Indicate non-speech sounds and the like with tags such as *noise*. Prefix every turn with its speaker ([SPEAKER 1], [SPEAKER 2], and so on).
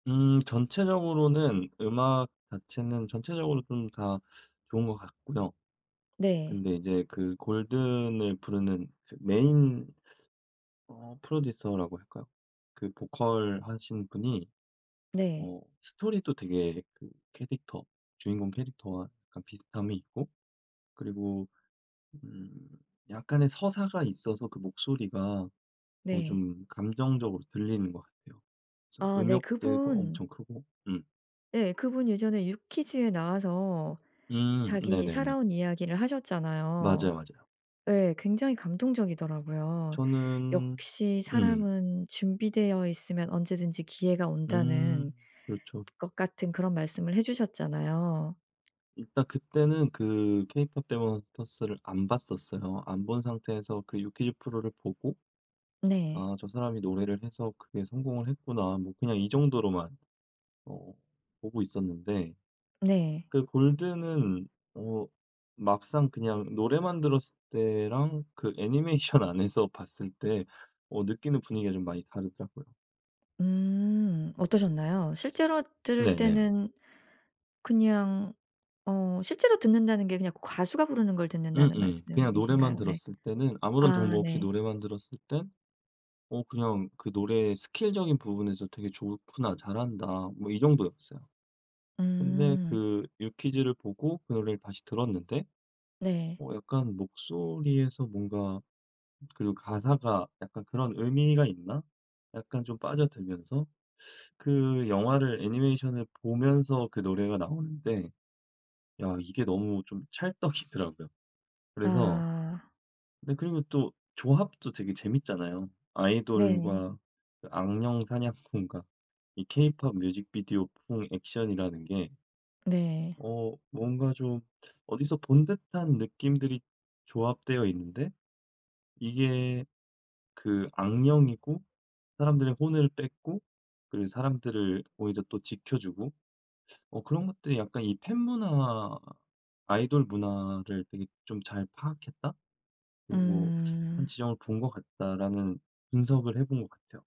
[SPEAKER 1] 음 전체적으로는 음악 자체는 전체적으로 좀 다 좋은 것 같고요.
[SPEAKER 2] 네.
[SPEAKER 1] 근데 이제 그 골든을 부르는 그 메인 *sucks teeth* 어 프로듀서라고 할까요? 그 보컬 하신 분이
[SPEAKER 2] 네.
[SPEAKER 1] 어 스토리도 되게 그 캐릭터 주인공 캐릭터와 약간 비슷함이 있고 그리고 음 약간의 서사가 있어서 그 목소리가 더
[SPEAKER 2] 네.
[SPEAKER 1] 좀 감정적으로 들리는 것 같아요. 그래서
[SPEAKER 2] 아 네.
[SPEAKER 1] 음역대고
[SPEAKER 2] 그분
[SPEAKER 1] 엄청 크고 음.
[SPEAKER 2] 예 그분 예전에 유퀴즈에 나와서
[SPEAKER 1] 음.
[SPEAKER 2] 자기
[SPEAKER 1] 네네네.
[SPEAKER 2] 살아온 이야기를 하셨잖아요.
[SPEAKER 1] 맞아요, 맞아요.
[SPEAKER 2] 예. 굉장히 감동적이더라고요.
[SPEAKER 1] 저는
[SPEAKER 2] 역시
[SPEAKER 1] 음.
[SPEAKER 2] 사람은 준비되어 있으면 언제든지 기회가 온다는
[SPEAKER 1] 음. 그렇죠.
[SPEAKER 2] 것 같은 그런 말씀을 해 주셨잖아요.
[SPEAKER 1] 일단 그때는 그 케이팝 데몬 헌터스를 안 봤었어요. 안 본 상태에서 그 유퀴즈 프로를 보고
[SPEAKER 2] 네.
[SPEAKER 1] '아 저 사람이 노래를 해서 크게 성공을 했구나.' 뭐 그냥 이 정도로만 어 보고 있었는데
[SPEAKER 2] 네.
[SPEAKER 1] 그 골든은 어 막상 그냥 노래만 들었을 때랑 그 애니메이션 안에서 봤을 때 어 느끼는 분위기가 좀 많이 다르더라고요.
[SPEAKER 2] 음. 어떠셨나요? 실제로 들을
[SPEAKER 1] 네네.
[SPEAKER 2] 때는 그냥 어 실제로 듣는다는 게 그냥 그 가수가 부르는 걸 듣는다는
[SPEAKER 1] 음음. 그냥 노래만
[SPEAKER 2] 말씀이신가요? 네.
[SPEAKER 1] 들었을 때는 아무런 정보
[SPEAKER 2] 아
[SPEAKER 1] 없이
[SPEAKER 2] 네.
[SPEAKER 1] 노래만 들었을 땐 '어 그냥 그 노래의 스킬적인 부분에서 되게 좋구나. 잘한다.' 뭐 이 정도였어요. 근데
[SPEAKER 2] 음.
[SPEAKER 1] 그 유퀴즈를 보고 그 노래를 다시 들었는데
[SPEAKER 2] 네.
[SPEAKER 1] '어 약간 목소리에서 뭔가 그리고 가사가 약간 그런 의미가 있나?' 약간 좀 빠져들면서 *sucks teeth* 그 영화를 애니메이션을 보면서 그 노래가 나오는데 야 이게 너무 좀 찰떡이더라고요. 그래서
[SPEAKER 2] 아.
[SPEAKER 1] 네 그리고 또 조합도 되게 재밌잖아요.
[SPEAKER 2] 네.
[SPEAKER 1] 아이돌과 그 악령 사냥꾼과 이 케이팝 뮤직비디오풍 액션이라는 게
[SPEAKER 2] 네.
[SPEAKER 1] 어 뭔가 좀 *sucks teeth* 어디서 본 듯한 느낌들이 조합되어 있는데 이게 그 악령이고 사람들의 혼을 뺏고 그리고 사람들을 오히려 또 지켜주고 *sucks teeth* 어 그런 것들이 '약간 이 팬 문화, 아이돌 문화를 되게 좀 잘 파악했다. 그리고 *sucks teeth* 한
[SPEAKER 2] 음.
[SPEAKER 1] 지점을 본 것 같다.' 라는 분석을 해 본 것 같아요.